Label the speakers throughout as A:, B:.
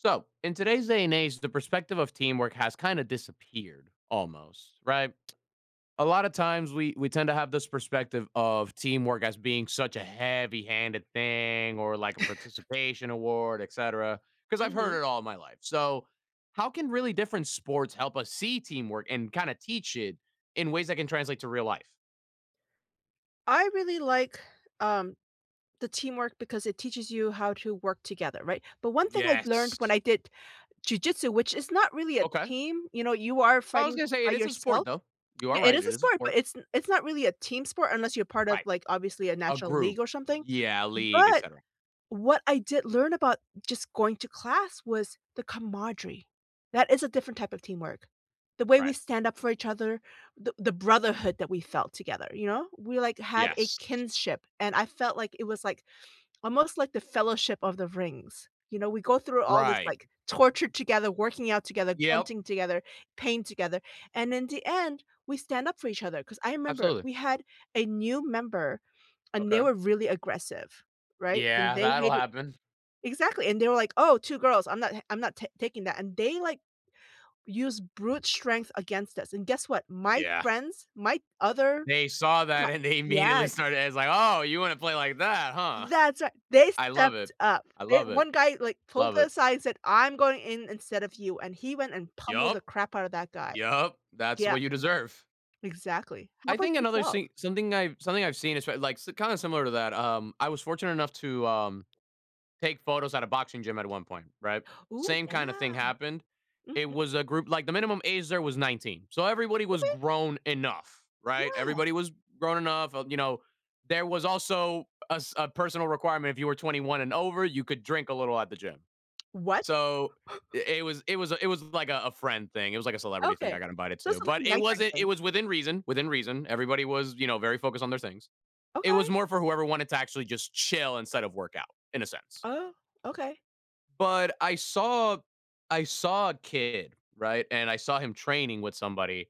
A: So, in today's day and age, the perspective of teamwork has kinda disappeared, almost, right? A lotta times, we we tend to have this perspective of teamwork as being such a heavy-handed thing or like a participation award, etcetera, 'cause I've heard
B: Mhm.
A: it all my life. So, how can really different sports help us see teamwork and kinda teach it in ways that can translate to real life?
B: I really like, um, the teamwork because it teaches you how to work together, right? But one thing I've learned when
A: Yes.
B: I did jujitsu, which is not really a
A: Okay.
B: team, you know, you are
A: I was
B: fighting
A: gonna say,
B: by
A: it is a sport,
B: yourself
A: though. You are
B: Yeah, it
A: right,
B: is a
A: it is a
B: sport, but
A: sport.
B: it's n it's not really a team sport unless you're part of,
A: Right.
B: like, obviously, a
A: A
B: natural
A: group,
B: league or something.
A: yeah, a league,
B: But
A: etcetera.
B: what I did learn about just going to class was the camaraderie. That is a different type of teamwork. The way we
A: Right.
B: stand up for each other, the the brotherhood that we felt together, you know? We, like, had a
A: Yes.
B: kinship, and I felt like it was, like, almost like the Fellowship of the Rings, you know? We go through all this,
A: Right.
B: like, torture together, working out together,
A: Yep.
B: grunting together, pain together, and in the end, we stand up for each other, 'cause I remember
A: Absolutely.
B: we had a new member, and they
A: Okay.
B: were really aggressive, right? And
A: Yeah,
B: they
A: that'll
B: hit it
A: happen.
B: Exactly, and they were like, "Oh, 2 girls, I'm not h I'm not ta taking that, and they, like, use brute strength against us, and guess what? My
A: Yeah.
B: friends, my other
A: They saw that,
B: cla
A: and they immediately
B: Yes.
A: started as like, "Oh, you wanna play like that, huh?"
B: That's ri they
A: I love
B: stepped
A: it.
B: up.
A: I
B: They
A: love it.
B: one guy, like, pulled
A: Love it.
B: aside and said, "I'm going in instead of you." And he went and pummeled the
A: Yup.
B: crap out of that guy.
A: Yup. That's
B: Yep.
A: what you deserve.
B: Exactly. How
A: I
B: about
A: think another
B: yourself?
A: see something I've something I've seen is, pr like, s kinda similar to that. Um, I was fortunate enough to, um, take photos at a boxing gym at one point, right?
B: Ooh,
A: Same kinda thing
B: damn.
A: happened. It
B: Mhm.
A: was a group like, the minimum age there was 19. So, everybody was
B: Okay.
A: grown enough, right?
B: Yeah.
A: Everybody was grown enough of you know, there was also a s a personal requirement, if you were 21 and over, you could drink a little at the gym.
B: What?
A: So, i it was it was a it was like a a friend thing. It was, like, a celebrity thing I
B: Okay.
A: got invited to,
B: Just a
A: but
B: little
A: it
B: nighttime
A: wasn't it
B: thing.
A: was within reason, within reason. Everybody was, you know, very focused on their things. It
B: Okay.
A: was more for whoever wanted to actually just chill instead of workout, in a sense.
B: Oh, okay.
A: But I saw I saw a kid, right, and I saw him training with somebody.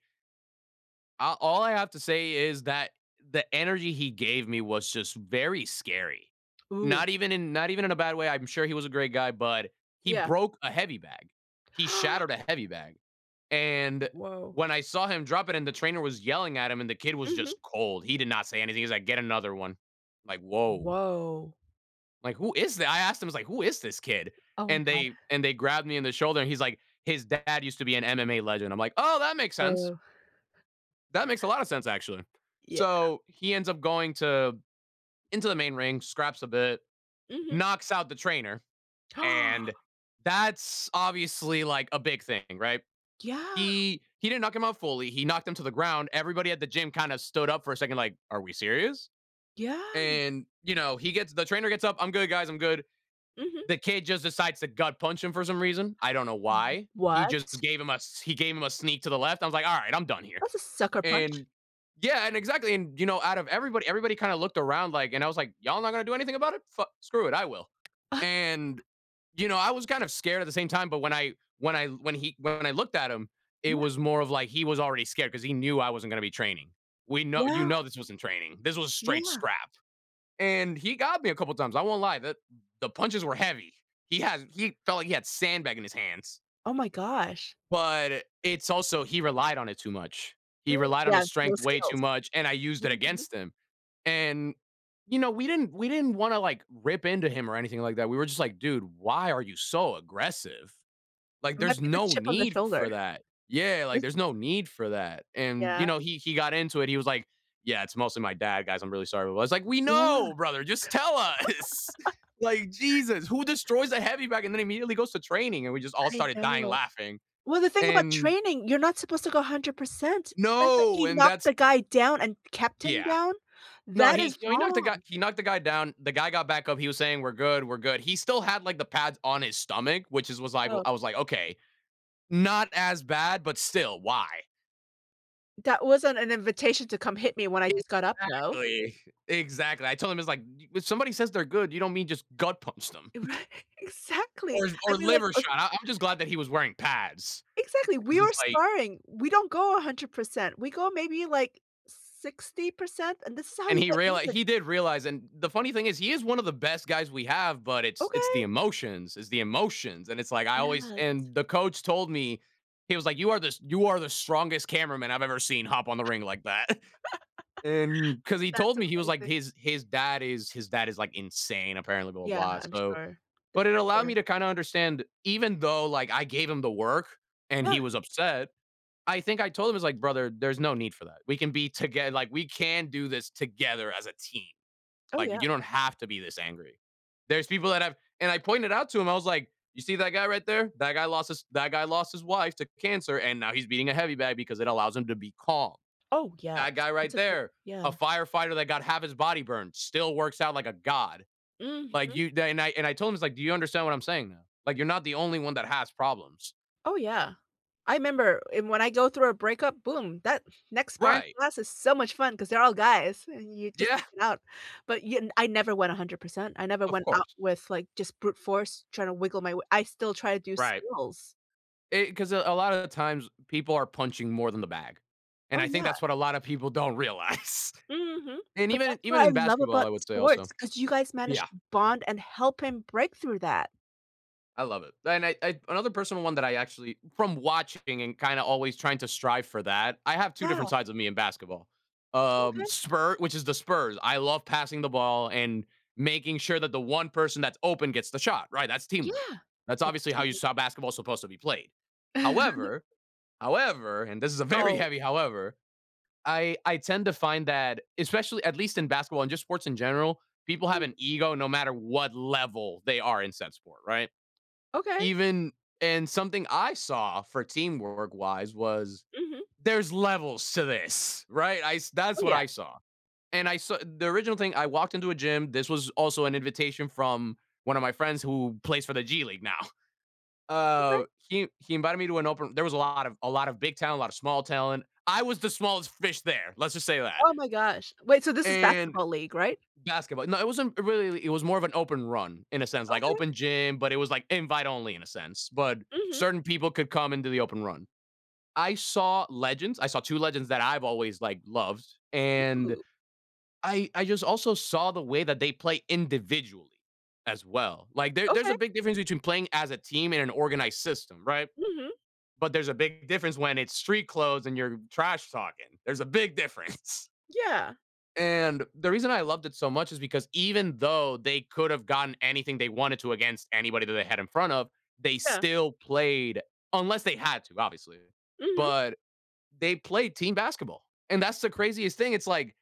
A: A all I have to say is that the energy he gave me was just very scary.
B: Ooh.
A: Not even in not even in a bad way, I'm sure he was a great guy, but he
B: Yeah.
A: broke a heavy bag. He shattered a heavy bag. And,
B: W Woah.
A: when I saw him drop it and the trainer was yelling at him and the kid was
B: Mhm.
A: just cold, he did not say anything. He's like, "Get another one," like, woah
B: Woah.
A: like, who is that, I I asked him, I was like, "Who is this kid?"
B: Oh
A: And they
B: god.
A: and they and they grabbed me in the shoulder, he's like, "His dad used to be an MMA legend," I'm like, "Oh, that makes sense."
B: Oh.
A: that makes a lot of sense, actually.
B: Yeah.
A: So, he ends up going to into the main ring, scraps a bit,
B: Mhm.
A: knocks out the trainer, and that's obviously, like, a big thing, right?
B: Yeah.
A: He he didn't knock him out fully, he knocked him to the ground, everybody at the gym kinda stood up for a second like, "Are we serious?"
B: Yeah.
A: And, you know, he gets the trainer gets up, "I'm good, guys, I'm good."
B: Mhm.
A: The kid just decides to gut punch him for some reason. I don't know
B: W
A: why. He just
B: what?
A: gave him a s he gave him a sneak to the left. I was like, "All right, I'm done here,"
B: That's a sucker punch.
A: and yeah, and exactly, and, you know, out of everybody everybody kind of looked around, like and I was like, "Y'all not gonna do anything about it? Fuck screw it, I will,"
B: Uh-huh.
A: and, you know, I was kind of scared at the same time, but when I when I when he when I looked at him, it
B: Yeah.
A: was more of like he was already scared 'cause he knew I wasn't gonna be training. We know you
B: Yeah.
A: know this wasn't training, this was straight
B: Yeah.
A: scrap, and he got me a couple of times, I won't lie. The the punches were heavy. He had he felt like he had sandbag in his hands.
B: Oh my gosh.
A: But it's also he relied on it too much.
B: Mm,
A: He relied on his
B: yeah, no
A: strength way too
B: skills.
A: much, and I used that
B: Mhm.
A: against him. And, you know, we didn't we didn't wanna, like, rip into him or anything like that, we were just like, "Dude, why are you so aggressive? Like,
B: It
A: there's
B: might be the
A: no
B: chip on the
A: need
B: shoulder.
A: for that." Yeah, like,
B: Is
A: there's no need for that, and,
B: Yeah.
A: you know, he he got into it, he was like, "Yeah, it's mostly my dad, guys, I'm really sorry about" I was like, "We
B: Yeah.
A: know, brother, just tell us!" Like, Jesus, who destroys a heavy bag and then immediately goes to training, and we just all
B: I
A: started dying
B: know.
A: laughing,
B: Well, the thing about
A: and
B: training, you're not supposed to go 100%. The fact that
A: No,
B: he
A: and
B: knocked
A: that's
B: the guy down and kept him
A: Yeah.
B: down,
A: No
B: that
A: he
B: is
A: you know, he knocked the guy
B: wrong.
A: he knocked the guy down, the guy got back up, he was saying, "We're good, we're good." He still had, like, the pads on his stomach, which is was like well
B: Oh.
A: I was like, "Okay, not as bad, but still, why?"
B: “That wasn't an invitation to come hit me when I just got up, though.”
A: Exactly. Exactly. I told him, I was like, d "When somebody says they're good, you don't mean just gut punch them”
B: Right. Exactly.
A: or
B: I
A: or
B: mean,
A: liver
B: os
A: shot. I I'm just glad that he was wearing pads
B: Exactly.
A: 'cause
B: We are
A: it's like
B: sparring, we don't go 100%. We go maybe, like, 60%, and this is how
A: and
B: you
A: he
B: get
A: reali
B: injured
A: he did realize, and the funny thing is he is one of the best guys we have, but it's it's the
B: Okay.
A: emotions, it's the emotions. And it's like I always
B: Yes.
A: and the coach told me, he was like, "You are the s you are the strongest cameraman I've ever seen hop on the ring like that," and 'cause he
B: That's
A: told me he was like,
B: amazing.
A: his his dad is his dad is, like, insane, apparently, blah, blah,
B: Yeah.
A: blah,
B: I'm
A: so
B: sure, the
A: but it allowed
B: pressure.
A: me to kinda understand even though, like, I gave him the work and
B: Yeah.
A: he was upset I think I told him, I was like, "Brother, there's no need for that. We can be toge like, we can do this together as a team.
B: Oh, yeah.
A: Like, you don't have to be this angry." There's people that have and I pointed out to him, I was like, "You see that guy right there? That guy lost his that guy lost his wife to cancer, and now he's beating a heavy bag because it allows him to be calm.
B: Oh, yeah.
A: That
B: S
A: guy
B: It's
A: right
B: okay.
A: there,
B: Yeah.
A: a firefighter that got half his body burned, still works out like a god." Like,
B: Mhm.
A: you then I and I told him, I was like, "Do you understand what I'm saying now? Like, you're not the only one that has problems."
B: Oh, yeah. I member and when I go through a breakup, boom. That next sparring
A: Right.
B: class is so much fun 'cause they're all guys, and you just
A: Yeah.
B: take it out, but you n I never went a 100%. I never
A: Of
B: went out
A: course.
B: with, like, just brute force trying to wiggle my way I still try to do
A: Right.
B: skills.
A: Eh 'cause a a lot of the times, people are punching more than the bag, and
B: Oh,
A: I think
B: yeah.
A: that's what a lotta people don't realize,
B: Mhm,
A: and
B: but
A: even in
B: that's what
A: even
B: I
A: in
B: love
A: basketball,
B: about
A: I would say also.
B: sports 'cause you guys
A: Yeah.
B: managed to bond and help him break through that.
A: I love it. And I I another personal one that I actually from watching and kinda always trying to strive for that, I have 2 different
B: Yeah.
A: sides of me in basketball. Um,
B: Okay.
A: spur which is The Spurs. I love passing the ball and making sure that the 1 person that's open gets the shot, right? That's teamwork.
B: Yeah,
A: That's obviously
B: that's
A: how you saw
B: teamwork.
A: basketball supposed to be played. However, however, and this is a very
B: Oh.
A: heavy however, I I tend to find that especially at least in basketball and just sports in general, people have
B: Mhm.
A: an ego no matter what level they are in said sport, right?
B: Okay.
A: Even and something I saw for teamwork wise was,
B: Mhm.
A: there's levels to this, right? I s
B: Oh,
A: that's what
B: yeah.
A: I saw, and I sa the original thing, I walked into a gym, this was also an invitation from one of my friends who plays for the G League now.
B: Okay.
A: Uh, he he invited me to an open there was a lot of a lot of big talent, lot of small talent. I was the smallest fish there let's just say that.
B: Oh my gosh. Wait, so this is
A: And
B: basketball league, right?
A: Basketball no, it wasn't it really it was more of an open run, in a sense, like
B: Okay.
A: open gym, but it was, like, invite only in a sense, but
B: Mhm.
A: certain people could come into the open run. I saw legends. I saw 2 legends that I've always, like, loved, and
B: Ooh.
A: I I just also saw the way that they play individually as well. Like, there there's a
B: Okay.
A: big difference between playing as a team in an organized system, right?
B: Mhm.
A: But there's a bigger difference when it's street clothes and you're trash talking. There's a big difference.
B: Yeah.
A: And, the reason I loved it so much is because even though they could’ve gotten anything they wanted to against anybody that they had in front of, they
B: Yeah.
A: still played unless they had to, obviously,
B: Mhm.
A: but they played team basketball, and that's the craziest thing, it's like,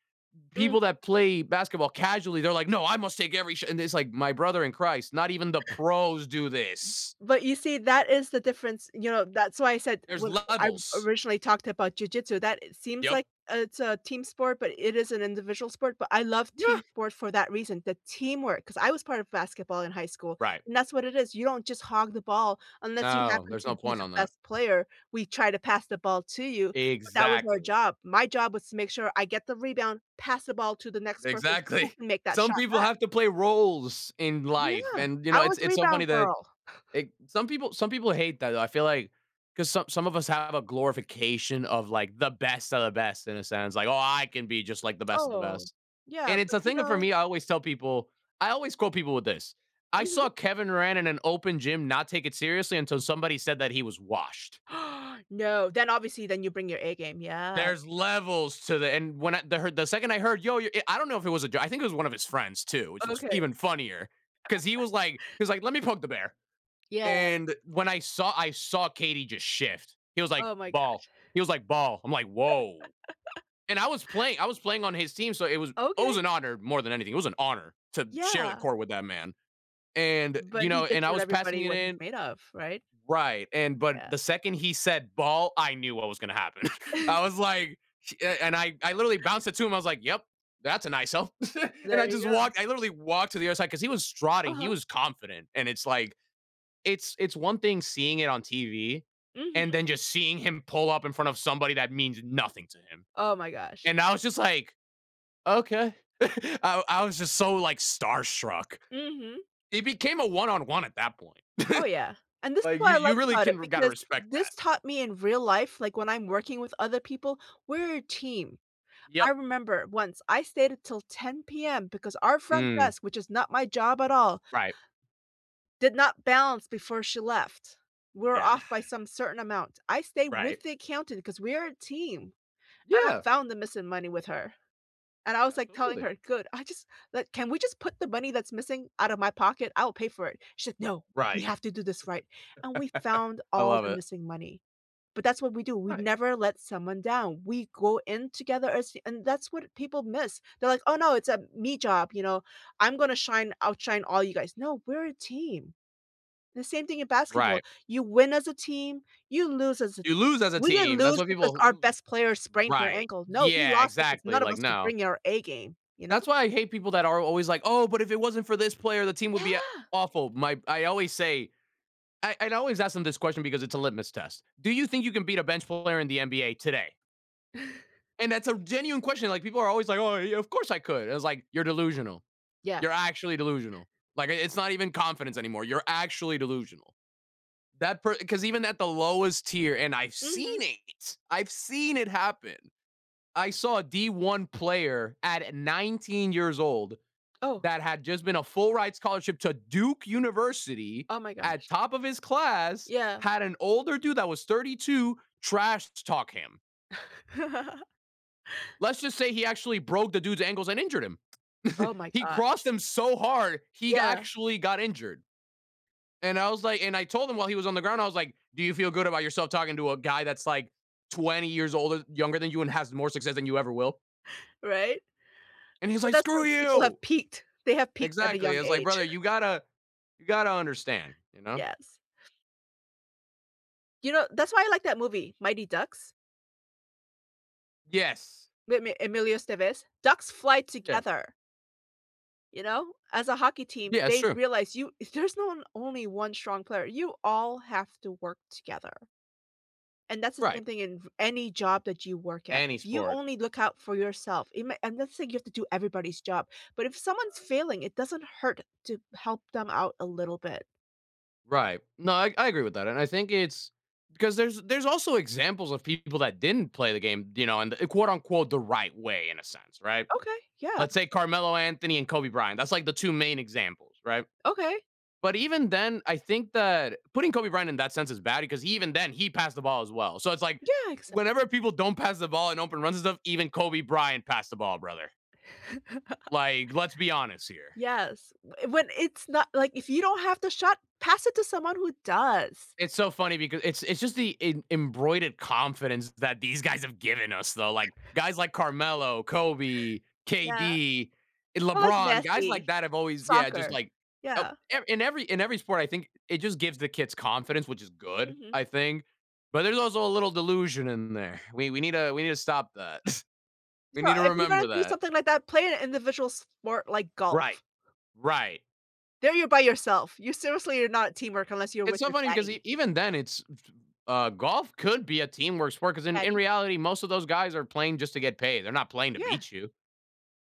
A: people that
B: Mhm.
A: play basketball casually, they're like, "No, I must take every sh" and it's like, "My brother in Christ, not even the pros do this."
B: But, you see, that is the difference you know, that's why I said-
A: There's
B: when I
A: levels.
B: originally talked about jujitsu- that it seems like
A: Yep.
B: it's a team sport, but it is an individual sport, but I love
A: Yeah.
B: team sports for that reason, the teamwork, 'cause I was part of basketball in high school,
A: Right.
B: and that's what it is, you don't just hog the ball unless you
A: No,
B: happen
A: there's
B: to
A: no
B: be
A: point
B: the
A: on that.
B: best player, we try to pass the ball to you, but that was our
A: Exactly.
B: job, my job was to make sure I get the rebound, pass the ball to the next person who
A: Exactly.
B: can make that
A: Some
B: shot
A: people
B: back.
A: have to play roles in life,
B: Yeah,
A: and, you know,
B: I was
A: it's
B: the
A: it's so funny
B: rebound
A: that,
B: girl.
A: eh some people some people hate that, though, I feel like 'cause, some some of us have a glorification of, like, the best of the best in a sense, like, "Oh, I can be just like the best of the
B: Oh.
A: best."
B: Yeah,
A: And it's
B: but
A: a
B: you
A: thing uh, for
B: know
A: me I always tell people I always quote people with this, "I
B: Mhm.
A: saw Kevin Durant in an open gym not take it seriously until somebody said that he was washed."
B: No, then, obviously then you bring your A game, yes.
A: There's levels to the and when I the heard the second I heard, "Yo, you" i I don't know if it was a j I think it was one of his friends too, which was f
B: Okay.
A: even funnier, 'cause he was like he was like, "Let me poke the bear."
B: Yeah.
A: And when I saw I saw KD just shift. He was like,
B: Oh my
A: "Ball."
B: gosh.
A: He was like, "Ball." I'm like, "Woah." And I was playing I was playing on his team, so it was oh, it was
B: Okay.
A: an honor, more than anything it was an honor to share the
B: Yeah.
A: court with that man. And, you
B: But,
A: know
B: he just
A: and I
B: showed
A: was passing
B: everybody
A: it
B: what he's
A: in
B: made of, right?
A: right, and but
B: Yeah.
A: the second he said, “Ball,” I knew what was gonna happen. I was like, "Ch" and I I literally bounced it to him, I was like, "Yep. That's a nice help," and
B: There
A: I
B: you
A: just
B: go.
A: walked I, literally, walked to the other side, 'cause he was strutting, he
B: Uh-huh.
A: was confident, and it's like it's it's one thing seeing it on TV and
B: Mhm.
A: then just seeing him pull up in front of somebody that means nothing to him.
B: Oh my gosh.
A: And, I was just like, "Okay." I I was just so, like, starstruck.
B: Mhm.
A: It became a one on one at that point.
B: Oh, yeah, and this is
A: Like, you
B: what I
A: you
B: like
A: really
B: about it
A: can gotta
B: because
A: respect
B: this
A: that.
B: taught me in real life- like, when I'm working with other people- we're a team. I
A: Yep.
B: remember once, I stayed until 10:00 PM because our front
A: Mm.
B: desk which is not my job at all
A: Right.
B: did not balance before she left. We're
A: Yeah.
B: off by some certain amount. I stayed
A: Right.
B: with the accountant 'cause we are a team. And I
A: Yeah.
B: found the missing money with her. And I was, like, telling
A: Absolutely.
B: her, "Good, I just like, can we just put the money that's missing out of my pocket? I will pay for it." She like, "No, we
A: Right.
B: have to do this right." And we found
A: I
B: all
A: love
B: the
A: it.
B: missing money. But that's what we do, we
A: Right.
B: never let someone down, we go in together as and that's what people miss, they're like, "Oh, no, it's a 'me' job," you know? "I'm gonna shine outshine all you guys." No, we're a team. The same thing in basketball,
A: Right.
B: you win as a team, you lose as a
A: You lose as a
B: we didn't
A: team, that's
B: lose
A: why
B: because
A: people
B: our
A: m
B: best player sprained her
A: right,
B: ankle no, we
A: yeah,
B: lost because
A: exactly,
B: none of
A: like,
B: us were
A: "No."
B: bringing our A game, you know?
A: That's why I hate people that are always like, "Oh, but if it wasn't for this player, the team would be a
B: Yeah.
A: awful." My I always say I I'd always ask them this question because it's a litmus test, "Do you think you can beat a bench player in the NBA today?" And that's a genuine question, like, people are always, like, "Oh, yeah. Of course I could." It was, like, "You're delusional.
B: Yeah.
A: You're actually delusional. Like, i it's not even confidence anymore. You're actually delusional." That per 'cause even at the lowest tier and I've
B: Mhm.
A: seen it. I've seen it happen. I saw a D1 player at 19 years old
B: Oh.
A: that had just been a full-ride scholarship to Duke University
B: Oh my
A: at
B: gosh.
A: top of his class,
B: Yeah.
A: had an older dude that was 32 trash t talk him. Let's just say he actually broke the dude's ankles and injured him.
B: Oh my
A: He
B: gosh.
A: crossed him so hard, he g
B: Yeah.
A: actually got injured. And I was, like and I told him while he was on the ground, I was, like, "Do you feel good about yourself talking to a guy that's, like, 20 years older younger than you and has more success than you ever will?”
B: Right?
A: And he's,
B: But
A: like,
B: that's
A: "Screw
B: when people have
A: you!"
B: peaked. They have peaked at a
A: Exactly.
B: young
A: I was, like,
B: age.
A: "Brother, you gotta you gotta understand," you know?
B: Yes. You know, that's why I like that movie, Mighty Ducks.
A: Yes.
B: With me Emilio Estevez. “Ducks fly
A: Yeah.
B: together.” You know? As a hockey team,
A: Yeah, it's
B: they
A: true.
B: realize you there's no one only one strong player. You all have to work together. And that's the same
A: Right.
B: thing in v any job that you work at.
A: Any
B: If you
A: sport.
B: only look out for yourself, it may I'm not saying you have to do everybody's job. But if someone's
A: Right.
B: failing, it doesn't hurt to help them out a little bit.
A: Right. No, I I agree with that, and I think it's 'cause there's there's also examples of people that didn't play the game, you know, in the quote, unquote "the right way" in a sense, right?
B: Okay, yeah.
A: Let's say Carmelo Anthony and Kobe Bryant. That's, like, the 2 main examples, right?
B: Okay.
A: But even then, I think that putting Kobe Bryant in that sense is bad because even then, he passed the ball as well. So, it's like,
B: Yeah, ex
A: whenever people don't pass the ball in open runs and stuff, even Kobe Bryant passed the ball, brother. Like, let's be honest here.
B: Yes. Wh when it's not, like, "If you don't have the shot, pass it to someone who does."
A: It's so funny becau it's it's just the em embroidered confidence that these guys have given us, though, like, guys like Carmelo, Kobe,
B: Yeah.
A: KD,
B: So, like,
A: LeBron, guys like
B: messy
A: that have always yeah, just
B: Soccer.
A: like, up,
B: Yeah.
A: e in every in every sport, I think it just gives the kids confidence, which is good,
B: Mhm.
A: I think. But there's also a little delusion in there. We we need to we need to stop that. We
B: So,
A: need to
B: if you're gonna
A: remember
B: do
A: that.
B: something like that, play an individual sport like golf.
A: Right. Right.
B: There you're by yourself, you seriously are not teamwork unless you're
A: It's
B: with
A: so
B: your
A: funny because
B: caddy.
A: e even then, it's, uh, golf could be a teamwork sport 'cause in in
B: Caddy?
A: reality, most of those guys are playing just to get paid. They're not playing to
B: Yeah.
A: beat you.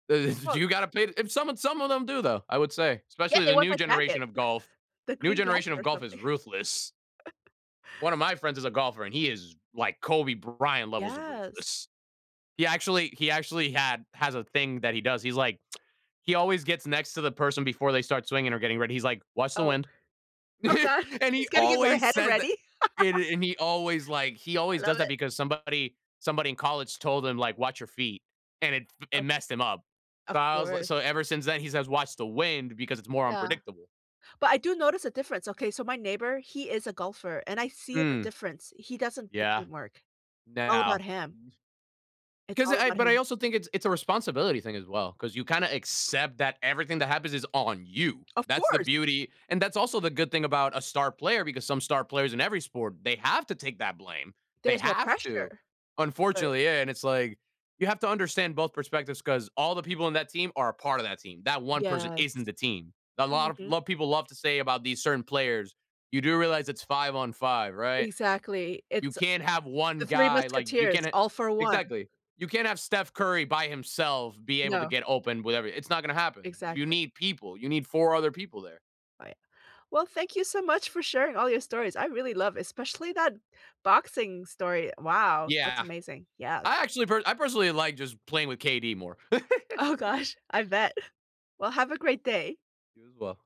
A: Uh do
B: Well
A: you gotta pay if some and some of them do though, I would say,
B: Yeah,
A: especially
B: they
A: the
B: want
A: new
B: that
A: generation
B: jacket.
A: of golf.
B: The
A: New
B: green
A: generation
B: jacket
A: of
B: or
A: golf is
B: something.
A: ruthless. One of my friends is a golfer, and he is like Kobe Bryant levels of
B: Yes.
A: ruthless. He actually he actually had has a thing that he does. He's like, he always gets next to the person before they start swinging or getting ready. He's like, "Watch the
B: Oh.
A: wind."
B: Oh god.
A: And he
B: It's getting in my
A: always
B: head
A: says that
B: already.
A: and and he always, like he always
B: I love
A: does that
B: it.
A: because somebody somebody in college told him, like, "Watch your feet," and it f it
B: Of
A: messed him up. So
B: Of
A: I was, like
B: course.
A: so ever since then, he says, "Watch the wind because it's more
B: Yeah.
A: unpredictable."
B: But I do notice a difference, okay, so my neighbor, he is a golfer, and I see the
A: Hm.
B: difference. He doesn't do
A: Yeah.
B: teamwork. It's all about
A: Now
B: him. It's
A: 'Cause
B: all
A: I
B: about
A: but I
B: him.
A: also think it's it's a responsibility thing as well, 'cause you kinda accept that everything that happens is on you.
B: Of
A: That's the
B: course.
A: beauty, and that's also the good thing about a star player, because some star players in every sport, they have to take that blame. They
B: There's no
A: have to.
B: pressure. But
A: Unfortunately, yeah, and it's like, you have to understand both perspectives 'cause all the people in that team are a part of that team. That one person isn't
B: Yes.
A: the team. A lot of a
B: Mhm.
A: lot of people love to say about these certain players, "You do realize it's 5 on 5, right?"
B: Exactly.
A: You
B: It's, uh
A: can't have one
B: The Three
A: guy, like, you
B: Musketeers:
A: can ha
B: "All for one."
A: Exactly. You can't have Steph Curry by himself be able to
B: No.
A: get open with every it's not gonna happen. You
B: Exactly.
A: need people. You need 4 other people there.
B: Right. Well, thank you so much for sharing all your stories, I really love especially that boxing story. Wow, that's
A: Yeah.
B: amazing, yeah.
A: I actually per I personally like just playing with KD more.
B: Oh gosh. I bet. Well, have a great day.
A: You as well.